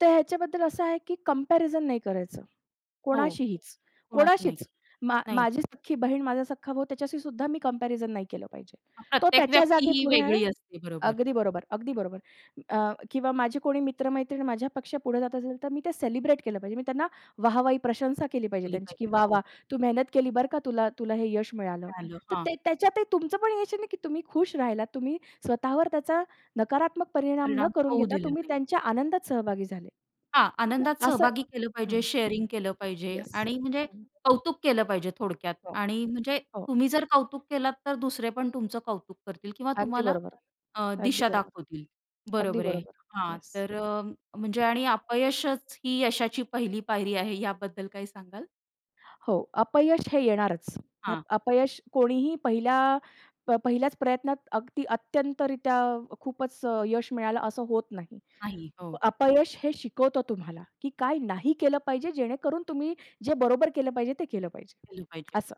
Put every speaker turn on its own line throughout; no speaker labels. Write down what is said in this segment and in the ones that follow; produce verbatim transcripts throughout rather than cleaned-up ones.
तर ह्याच्याबद्दल असं आहे की कंपॅरिझन नाही करायचं.
हो.
कोणाशीहीच
कुणाशी नाही.
कोणाशीच. मा
नाही.
माझी सख्खी बहीण, माझा सख्खा भाऊ त्याच्याशीसुद्धा मी कंपॅरिझन नाही केलं पाहिजे.
अ,
तो
प्रत्येक
त्याच्या
व्यक्ती
जागी
ही
पुढे आहे.
वेगळी असते. बरोबर.
अगदी बरोबर, अगदी बरोबर. अ, किंवा माझी कोणी मित्र-मैत्रीण माझ्यापेक्षा पुढे जात असेल, तर मी ते सेलिब्रेट केलं पाहिजे. मी त्यांना वाह, वाही प्रशंसा केली पाहिजे
केली
त्यांची की
पाहिजे.
"वाह!
हो.
वाह! तू मेहनत केली. बरं का तुला तुला हे यश मिळालं."
मिळालं.
तर
हां.
ते त्याच्यात ते तुमचं पण यश आहे नाही की तुम्ही खुश राहिलात. तुम्ही स्वतःवर त्याचा नकारात्मक परिणाम न
परिणाम
करून
होऊ
घेता
दिले
तुम्ही
नाहीत.
त्यांच्या आनंदात सहभागी झाले.
हां,
तर
आनंदात
असं
सहभागी केलं पाहिजे,
हं, हं.
शेअरिंग केलं पाहिजे
येस.
आणि म्हणजे
हं.
कौतुक केलं पाहिजे थोडक्यात.
हो,
आणि म्हणजे
हो.
तुम्ही जर कौतुक केलात, तर दुसरे पण तुमचं कौतुक करतील किंवा
अगदी
तुम्हाला
बरोबर.
अ,
अगदी
दिशा
बरोबर.
दाखवतील,
अगदी
बरोबर आहे.
बरोबर.
हां,
येस.
तर अ, म्हणजे आणि अपयशच ही यशाची पहिली पायरी आहे याबद्दल काही सांगाल?
हो, अपयश हे येणारच. अप
हां.
अपयश कोणीही पहिल्या, प पहिल्याच प्रयत्नात अगदी अत्यंत रित्या खूपच अ, यश मिळालं असं होत नाही.
नाही. हो.
अपयश हे शिकवतं तुम्हाला की काय नाही केलं पाहिजे, जेणेकरून तुम्ही जे बरोबर केलं पाहिजे ते केलं पाहिजे
केलं पाहिजे.
असं.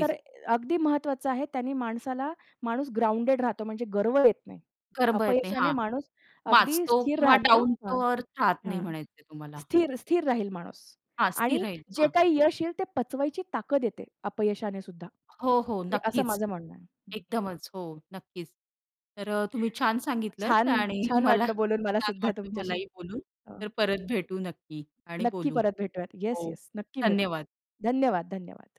तर अ अगदी महत्वाचं आहे त्याने माणसाला माणूस ग्राउंडेड राहतो, म्हणजे गर्व येत नाही.
गर्व येत नाही.
अपयशाने
हां.
माणूस अगदी
माजतो
स्थिर
किंवा
राहतो.
डाउन
हां.
टू अर्थ राहत नाही
हं.
म्हणायचे तुम्हाला.
स्थिर स्थिर राहील माणूस.
हां, स्थिर
आणि
राहील.
जे
हां.
काही यश येईल ते पचवायची ताकत येते अपयशानेसुद्धा.
हो, हो,
हे असं
नक्कीच.
माझं म्हणणं आहे. हं.
एकदमच हो, नक्कीच. तर अ, तुम्ही छान सांगितलत
छान
आणि
छान
मला
वाटलं. बोलून मला
छान
सुद्धा
वाटलं
तुमच्याशी.
मलाही बोलून. तर
हो.
परत भेटू नक्की आणि
नक्की
बोलू.
परत भेटूयात.
हो,
येस-येस नक्की भेटू.
धन्यवाद.
धन्यवाद-धन्यवाद.